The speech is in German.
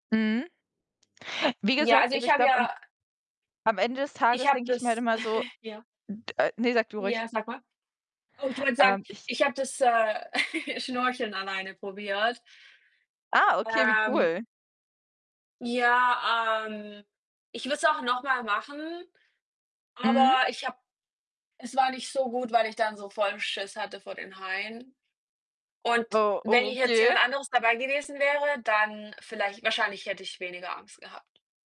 Mhm. Wie Ja, gesagt, also, also, ich ich habe glaube, am ja am Ende des Ich Tages habe denke ich mir halt das immer so, ja. d ne, sag du ruhig. Ja, sag mal. Oh, ich wollte sagen, Ähm, ich ich habe das, äh, Schnorcheln alleine probiert. Ah, okay, wie Ähm cool. ja, ähm, ich würde es auch noch mal machen, Mhm. aber ich habe es war nicht so gut, weil ich dann so vollen Schiss hatte vor den Haien. Und Oh. Oh, wenn hier jetzt jemand okay. anderes dabei gewesen wäre, dann vielleicht wahrscheinlich hätte ich weniger Angst gehabt.